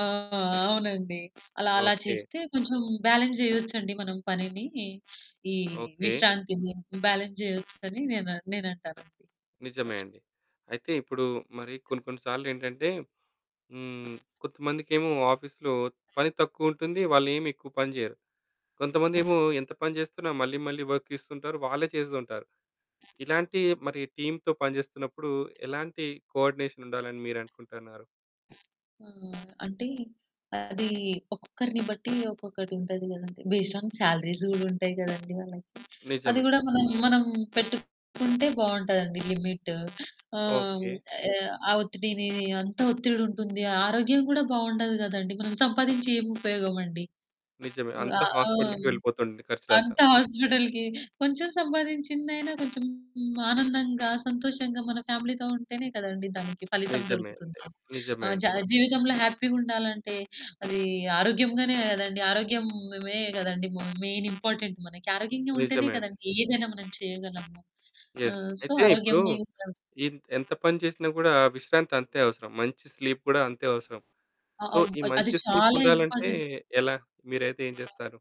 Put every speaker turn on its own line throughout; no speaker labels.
ఆ! ఆ! అవునండి. అలా, అలా
ఓకే.
చేస్తే కొంచెం బ్యాలెన్స్ జేయొచ్చండి మనం పనిని, ఈ
ఓకే.
విశ్రాంతిని బ్యాలెన్స్ జేయొచ్చని నేన నేనంటాను.
నిజమే అండి. అయితే, ఇప్పుడు మరి కొన్ని కొన్నిసార్లు ఏంటంటే, హ్మ్, కొంతమందికేమో ఆఫీసులో పని తక్కువుంటుంది, వాళ్ళేమి ఎక్కువ పని జేయరు.
ఆ!
కొంతమందేమో ఎంత పని జేస్తున్నా మళ్ళీ మళ్ళీ వర్క్ ఇస్తుంటారు, వాళ్ళే చేస్తుంటారు. ఇలాంటియి మరి టీమ్‌తో పనిజేస్తున్నప్పుడు, ఎలాంటి కోఆర్డినేషన్ ఉండాలని మీరనుకుంటున్నారు?
ఆ! అంటే, అది ఒక్కొక్కరిని బట్టి ఒక్కొక్కటి ఉంటది గదండి. బేస్డ్ ఆన్ శాలరీస్ గూడా ఉంటయి గదండి వాళ్ళకి. అది
నిజమే.
గూడా మనం, మనం పెట్టుకుంటే బావుంటదండి లిమిట్. హ్మ్. ఆహ్,
ఓకే.
ఆహ్, ఒత్తిడిని అంత ఒత్తిడి ఉంటుంది, ఆ ఆరోగ్యం కూడా బావుండదు గదండి, మనం సంపాదించి ఏం ఉపయోగమండి?
నిజమే.
హ్మ్, ఆ!
అంతా హాస్పిటల్‌కి వెళ్ళిపోతుంది ఖర్చులంతా.
అంతా హాస్పిటల్‌కి. కొంచెం సంపాదించిందైనా కొంచెం ఆనందంగా, సంతోషంగా, మన ఫ్యామిలీతో ఉంటేనే కదండి దానికి ఫలితం
నిజమే అండి.
దొరుకుతుంది. ఆ!
నిజమే
జ
అండి.
జీవితంలో హ్యాపీగా ఉండాలంటే, అది ఆరోగ్యంగానే గదండి. ఆరోగ్యమే గదండి మ మెయిన్ ఇంపార్టెంట్ మనకి. ఆరోగ్యంగా ఉంటేనే
నిజమే అండి.
కదండి ఏదైనా మనం చేయగలము. ఆ!
యెస్.
సో,
అయితే, ఇప్పుడు
ఆరోగ్యంనే అసలా
ఇంత ఎంత పని చేసినా కూడా విశ్రాంతి అంతే అవసరం. మంచి స్లీప్ కూడా అంతే అవసరం.
అ
సో,
అబ్
ఈ
అది
మంచి స్లీప్
చాలా
ఉండాలంటే
ఇంపార్టెంట్.
ఎలా? మీరైతే ఏం జేస్తారు?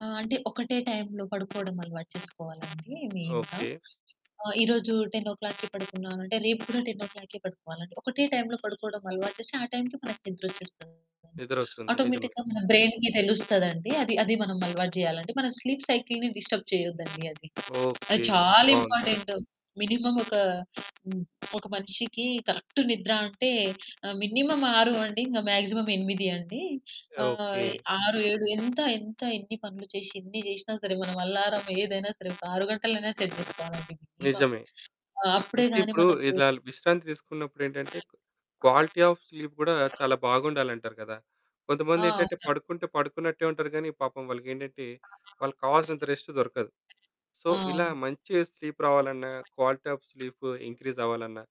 ఆ! అంటే, ఒకటే టైం‌లో పడుకోవడం అలవాటు చేసుకోవాలండి మెయిన్‌గా.
ఓకే.
ఆ! ఈ రోజు 10:00కి పడుకున్నా అంటే రేపు కూడా 10:00కే పడుకోవాలండి. ఒకటే టైం‌లో పడుకోవడం అలవాటు చేస్తే ఆ టైంకే మనకి నిద్రొచ్చేస్తూ ఉంటుంది.
నిదరొస్తుంది. నిజమే.
ఆటోమేటిక్‌గా మన బ్రెయిన్‌కి తెలుస్తదండి. అది, అది మనం అలవాటు జేయాలంటే, మన స్లీప్ సైకిల్‌ని డిస్టర్బ్ చేయొద్దండి అది. అది
ఓకే.
చాలా
బావుంది.
ఇంపార్టెంట్. మినిమమ్ ఒక, హ్మ్. ఒక మనిషికి కరెక్ట్ నిద్ర అంటే, ఆ! మినిమమ్ 6 నుండి ఇంక మ్యాక్సిమమ్ 8 అండి. ఆహ్,
ఓకే.
6, 7 ఎంత ఎంత ఎన్ని పనులు చేసి ఎన్ని జేసినా సరే మనం అల్లారమ్ ఏదైనా సరే ఒక 6 గంటలైనా సెట్ జేసుకోవాలండి మినిమమ్.
నిజమే.
ఆ!
అయితే,
అప్పుడేగాని
ఇప్పుడు
మనకు
ఇలా విశ్రాంతి తీసుకున్నప్పుడేంటంటే,
ఆ!
క్వాలిటీ ఆఫ్ స్లీప్ గూడా
ఆ!
చాలా బాగుండాలంటారు కదా!
ఆ!
కొంతమందేటంటే,
అవును.
పడుకుంటే పడుకున్నట్టే ఉంటారు గానీ పాపం వాళ్ళకేంటంటే
ఆ!
వాళ్ళకి కావాల్సినంత రెస్ట్ దొరకదు. సో, ఇలా
అవును.
మంచి స్లీప్ రావాలన్నా, క్వాలిటీ ఆఫ్ స్లీప్ ఇంక్రీజ్ అవ్వాలన్నా,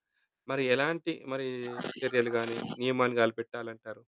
మరి ఎలాంటి మరీ
ఆ!
చర్యలు గానీ
ఆ!
నియమాన్ని గలిపెట్టాలంటారు?